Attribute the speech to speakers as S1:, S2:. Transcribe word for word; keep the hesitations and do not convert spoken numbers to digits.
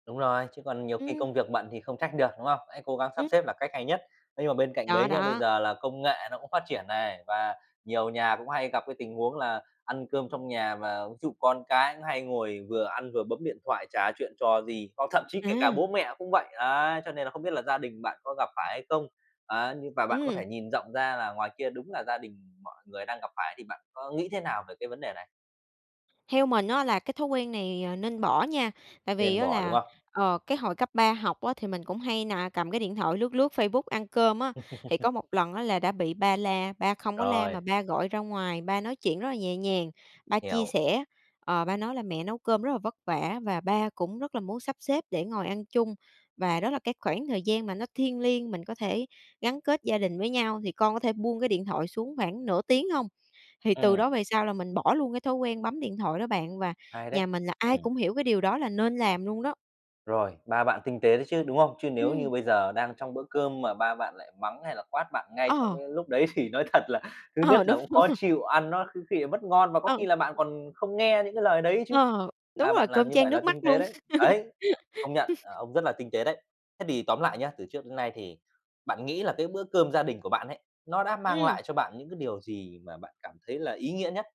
S1: Đúng rồi, chứ còn nhiều khi
S2: Ừm.
S1: công việc bận thì không trách được, đúng không? Hãy cố gắng sắp
S2: Ừm.
S1: xếp là cách hay nhất. Nhưng mà bên cạnh
S2: Đó,
S1: đấy nhá, bây
S2: đó.
S1: giờ là công nghệ nó cũng phát triển này và nhiều nhà cũng hay gặp cái tình huống là ăn cơm trong nhà mà ví dụ con cái nó hay ngồi vừa ăn vừa bấm điện thoại, chả chuyện trò gì, hoặc thậm chí kể cả
S2: À!
S1: bố mẹ cũng vậy. Đấy, cho nên là không biết là gia đình bạn có gặp phải hay không? Á, nhưng mà bạn có
S2: Ừm.
S1: thể nhìn rộng ra là ngoài kia đúng là gia đình mọi người đang gặp phải thì bạn có nghĩ thế nào về cái vấn đề này?
S2: Theo mình á là cái thói quen này, ờ, nên bỏ nha, tại vì
S1: Nên
S2: á
S1: bỏ, đúng
S2: là,
S1: không?
S2: ờ, cái hồi cấp ba học á thì mình cũng hay nà cầm cái điện thoại lướt lướt Facebook ăn cơm á, thì có một lần á là đã bị ba la, ba không có la
S1: Rồi.
S2: mà ba gọi ra ngoài, ba nói chuyện rất là nhẹ nhàng, ba chia
S1: Hiểu.
S2: sẻ, ờ, ba nói là "Mẹ nấu cơm rất là vất vả và ba cũng rất là muốn sắp xếp để ngồi ăn chung và đó là cái khoảng thời gian mà nó thiêng liêng, mình có thể gắn kết gia đình với nhau, thì con có thể buông cái điện thoại xuống khoảng nửa tiếng hông?" Thì từ
S1: Ừm.
S2: đó về sau là mình bỏ luôn cái thói quen bấm điện thoại đó bạn và
S1: Hay đấy.
S2: nhà mình là ai
S1: Ừm.
S2: cũng hiểu cái điều đó là nên làm luôn đó.
S1: Rồi, ba bạn tinh tế đấy chứ, đúng không? Chứ nếu
S2: Ừm.
S1: như bây giờ đang trong bữa cơm mà ba bạn lại mắng hay là quát bạn ngay trong
S2: Ờ!
S1: cái lúc đấy thì nói thật là thứ nhất
S2: Ờ,
S1: là
S2: đúng,
S1: cũng
S2: đúng
S1: khó
S2: rồi.
S1: chịu, ăn nó có khi lại mất ngon và có
S2: Ừ.
S1: khi là bạn còn không nghe những cái lời đấy chứ.
S2: Ờ. Đúng
S1: Ba
S2: rồi,
S1: bạn
S2: cơm
S1: làm như
S2: chan
S1: vậy là
S2: nước mắt
S1: tinh tế
S2: luôn.
S1: đấy. Đấy! Công nhận, ờ, ông rất là tinh tế đấy. Thế thì tóm lại nhá, từ trước đến nay thì bạn nghĩ là cái bữa cơm gia đình của bạn ấy, nó đã mang
S2: Ừm.
S1: lại cho bạn những cái điều gì mà bạn cảm thấy là ý nghĩa nhất?